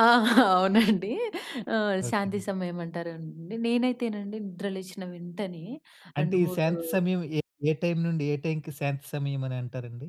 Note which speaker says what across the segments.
Speaker 1: ఆ! అవునండి. ఆహ్,
Speaker 2: ఓకే.
Speaker 1: శాంతి సమయమంటారండి. నేనైతేనండి నిద్ర లేచిన వెంటనే
Speaker 2: అంటే
Speaker 1: రెండు
Speaker 2: ఈ
Speaker 1: మూడు
Speaker 2: శాంతి సమయం ఏ ఏ టైమ్ నుండి ఏ టైమ్‌కి శాంతి సమయమనంటారండి?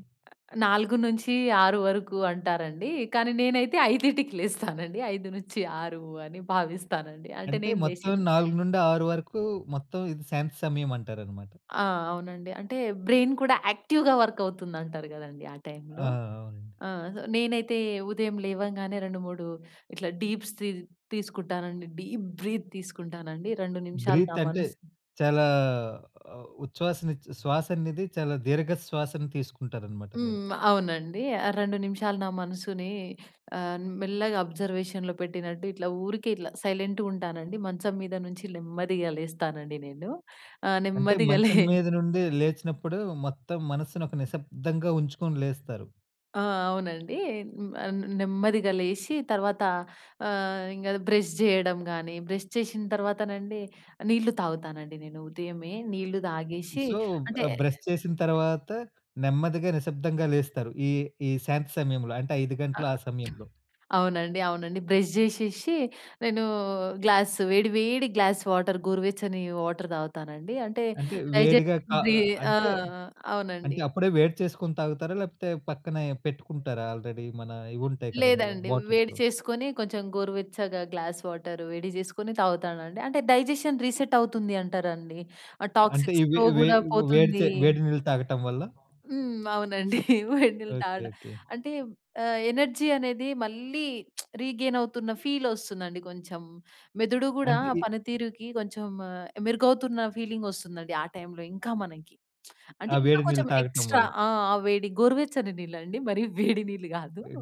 Speaker 1: అ 4-6 వరకు అంటారండి. కానీ నేనైతే 5:00కి లేస్తానండి. 5-6 అని భావిస్తానండి.
Speaker 2: అ
Speaker 1: అంటే
Speaker 2: అంటే
Speaker 1: నేను లేచి
Speaker 2: మొత్తం 4-6 వరకు మొత్తం ఇది శాంతి సమయమంటారన్నమాట.
Speaker 1: ఆ! అవునండి. అంటే బ్రెయిన్ కూడా యాక్టివ్‌గా వర్క్ అవుతుందంటారు గదండీ! ఆ టైమ్‌లో.
Speaker 2: ఆ! అవునండి.
Speaker 1: ఆ! నేనైతే ఉదయం లేవంగానే 2, 3 ఇట్లా డీప్స్ సీ తీసుకుంటానండి. డీప్ బ్రీత్ తీసుకుంటానండి. 2 నిమిషాలు నా
Speaker 2: బ్రీత్ అంటే,
Speaker 1: మనసు
Speaker 2: చాలా ఉచ్చ్వాస నిచ్చ్వా శ్వాస అనేది చాలా దీర్ఘ శ్వాసను తీసుకుంటారన్నమాట మీరు.
Speaker 1: హ్మ్. అవునండి. 2 నిమిషాలు నా మనసుని ఆహ్, మెల్లగా ఆబ్‌జర్‌వేషన్‌లో పెట్టినట్టు ఇట్లా ఊరికే ఇట్లా సైలెంట్‌గుంటానండి. మంచం మీద నుంచి నెమ్మదిగా లేస్తానండి నేను. ఆహ్,
Speaker 2: అంటే
Speaker 1: నెమ్మదిగా‌ లే
Speaker 2: మంచం మీద నుండి లేచినప్పుడు మొత్తం మనస్సుని ఒక నిశ్శబ్దంగా ఉంచుకొని లేస్తారు.
Speaker 1: ఆ! అవునండి. హ్మ్. నెమ్మదిగా లేసి, తర్వాత ఆహ్, ఇంగ బ్రష్ చేయడం గానీ, బ్రష్ చేషిన తర్వాతనండి నీళ్లు తాగుతానండి నేను ఉదయమే. నీళ్లు తాగేషి
Speaker 2: సో,
Speaker 1: అంటే
Speaker 2: ఆహ్, బ్రష్ చేసిన తరువాత నెమ్మదిగా నిశ్శబ్దంగా లేస్తారు. ఈ ఈ శాంతి సమయంలో. అంటే 5:00
Speaker 1: ఆ!
Speaker 2: గంటలు ఆ
Speaker 1: ఆహ్,
Speaker 2: సమయంలో.
Speaker 1: అవునండి. అవునండి. బ్రష్ చేషేషి, నేను గ్లాస్ వేడి వేడి గ్లాస్ వాటర్ గోరువెచ్చని వాటర్ తాగుతానండి. అంటే
Speaker 2: అంటే
Speaker 1: డైజెస్ట్
Speaker 2: వేడిగా కా
Speaker 1: బి ఆ!
Speaker 2: అంటే
Speaker 1: ఆ! అవునండి.
Speaker 2: అంటే అప్పుడే వేడి చేసుకొని తాగుతారా? లేకపోతే పక్కనే పెట్టుకుంటారా? ఆల్రెడీ మన ఇవుంటాయి కదా! అందులో
Speaker 1: లేదండి. వేడి
Speaker 2: బాటిల్స్‌లో.
Speaker 1: చేసుకొని కొంచెం గోరువెచ్చగా గ్లాస్ వాటర్ వేడి చేసుకొని తాగుతానండి. అంటే డైజెషన్ రీసెట్ అవుతుంది అంటారండి. ఆ
Speaker 2: అంటే
Speaker 1: టాక్సిక్స్
Speaker 2: ఇవి
Speaker 1: ఫ్లో
Speaker 2: వే
Speaker 1: గూడా
Speaker 2: వేడి చే
Speaker 1: పోతుంది.
Speaker 2: వేడి నీళ్లు తాగటం వల్ల
Speaker 1: హ్మ్. అవునండి. వెడినీళ్ళు
Speaker 2: ఓకే.
Speaker 1: తాగడం.
Speaker 2: ఓకే.
Speaker 1: అంటే ఆహ్, ఎనర్జీ అనేది మళ్ళీ రీగెయిన్ అవుతున్న ఫీల్ ఒస్తుందండి కొంచెం. మెదడు గూడా
Speaker 2: అంటే ఈ
Speaker 1: పనితీరుకి కొంచెం మెరుగవుతున్న ఫీలింగ్ వస్తుందండి. ఆ టైమ్‌లో ఇంకా మనకి. అంటే
Speaker 2: ఆ!
Speaker 1: ఇంకా
Speaker 2: వేడి నీళ్ళు
Speaker 1: కొంచెం
Speaker 2: తాగటం
Speaker 1: ఎక్స్ట్రా
Speaker 2: వల్ల.
Speaker 1: ఆ! అ వేడి గోరువెచ్చని నీళ్ళు అండి. మరీ వేడి నీళ్లు గాదు.
Speaker 2: అయ్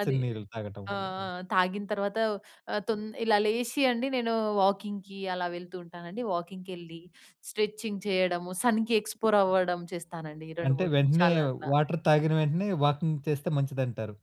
Speaker 1: అది
Speaker 2: నీళ్ళు తాగటం
Speaker 1: ఆ! ఆ!
Speaker 2: వల్లనా?
Speaker 1: తాగిన తర్వాత తొం ఇలా లేసి అండి నేను వాకింగ్‌కి అలా వెళ్తూ ఉంటానండి. వాకింగ్‌కెళ్లి స్ట్రెచింగ్ చేయడము సన్‌కి ఎక్స్‌ప్లోర్ అవ్వడం చేస్తానండి ఈ రెండు
Speaker 2: అంటే
Speaker 1: మూడు
Speaker 2: వెంటనే
Speaker 1: నిమిషాలు అట్లా.
Speaker 2: వాటర్ తాగిన వెంటనే వాకింగ్ చేస్తే మంచిదంటారు.